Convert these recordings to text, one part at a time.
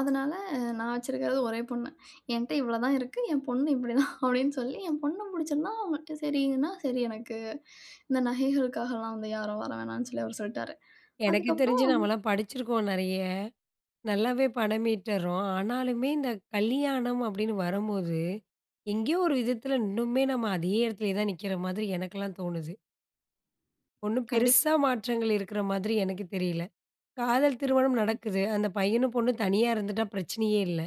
அதனால, "நான் வச்சிருக்கிறது ஒரே பொண்ணு. என்ட்ட இவ்ளோ தான் இருக்கு. என் பொண்ணு இப்படி தான்!" அப்படின்னு சொல்லி என் பொண்ண பிடிச்சிருந்தா, சரின்னா. "சரி எனக்கு." இந்த நகைகளுக்காகலாம் வந்து யாரும் வர வேணாம்னு சொல்லி அவர் சொல்லிட்டாரு. எனக்குத் அதுக்கப்புறம் தெரிஞ்சு நம்மலாம் படிச்சிருக்கோம் நிறைய. நல்லாவே பணம் ஈட்டுர்றோம். ஆனாலுமே இந்தக் கல்யாணம் அப்படின்னு வரும்போது, எங்கயோ ஒரு விதத்துல, இன்னுமே நம்ம அதே இடத்துலயே தான் நிக்கிற மாதிரி எனக்கெல்லாம் தோணுது. ஒண்ணும் கண்டிப்பா. பெருசா மாற்றங்கள் இருக்கற மாதிரி எனக்குத் தெரியல. காதல் திருமணம் ம். நடக்குது. அந்தப் பையனும் பொண்ணும் தனியா இருந்துட்டா, பிரச்சனையே இல்ல.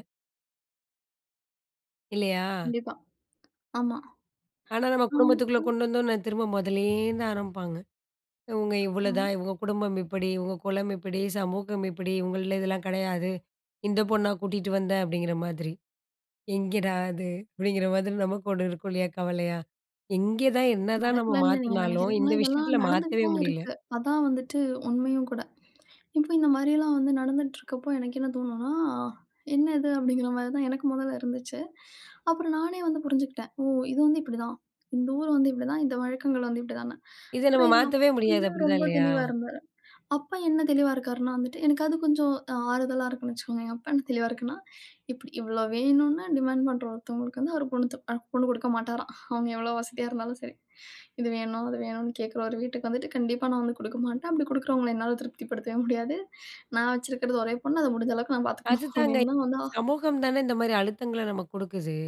இல்லயா? கண்டிப்பா. ஆமா. ஆனா நம்ம குடும்பத்துக்குள்ள [unintelligible] கொண்டு வந்தானோன, திரும்ப முதல்ல இருந்தா ஆரம்பிப்பாங்க. இவங்க இவ்ளோதான். ம். இவங்க குடும்பம் இப்படி. உங்க குலம் இப்படி. சமூகம் இப்படி. இவங்கள்ல இதெல்லாம் கிடையாது. "இந்தப் பொண்ணா கூட்டிட்டு வந்த?" அப்படிங்கற மாதிரி. எங்கடா இது? அப்படிங்கற மாதிரி நமக்கும் ஒண்ணு இருக்கும் இல்லையா? கவலையா? எங்க தான், என்னதான் நம்ம நடக்கலன்னு நீங்க மாத்துனாலும் நினைக்கிறீங்களா? இந்த இதெல்லாம் விஷயத்துல நடந்துட்டு மாத்தவே தான் முடியல. இருக்கு. அதான் வந்துட்டு உண்மயும் கூட. இப்ப இந்த மாரி எல்லாம் வந்து நடந்துட்டுருக்கப்போ, எனக்கு என்ன தோணும்னா, என்ன இது அப்படிங்கிற மாரி தான் எனக்கு முதல்ல இருந்துச்சு. அப்புறம் நானே வந்து புரிஞ்சுக்கிட்டேன். "ஓ! இது வந்து இப்படி தான். இந்த ஊர் வந்து இப்படி தான். இந்த வழக்கங்கள் வந்து இப்படி தான்னு." இத நம்ம அப்புறம் எங்க மாத்தவே முடியாது. அப்பா அப்படிதான் ரொம்ப இல்லயா? தெளிவா இருந்தாரு. அப்பா என்ன தெளிவா இருக்கார்னா வந்துட்டு, எனக்காவது கொஞ்சம் அ ஆறுதலா இருக்குன்னு வச்சுக்கோங்க. அப்பா என்ன தெளிவா இருக்குன்னா, இப்படி. இவ்ளோ வேணும்னு டிமான்ட் பண்ற ஒருத்தங்களுக்கு ஒரு பொண்ணு, அ பொண்ணு கொடுக்க மாட்டாராம். அவங்க எவ்வளவு வசதியா இருந்தாலும் சரி. இது வேணும், அது வேணும்னு கேக்குற ஒரு வீட்டுக்கு வந்துட்டு, கண்டிப்பா நான் வந்து கொடுக்க மாட்டேன். அப்படி கொடுக்கிறவங்கள என்னால திருப்திப்படுத்தவே முடியாது. நான் வச்சிருக்கிறது ஒரே பொண்ணு. அத முடிஞ்ச அளவுக்கு நான் பார்த்துக்கணும். அதுதாங்க. அப்படின்னு தான் வந்து. அ. சமூகம் தான, இந்த மாரி அழுத்தங்கள நமக்குக் கொடுக்குது.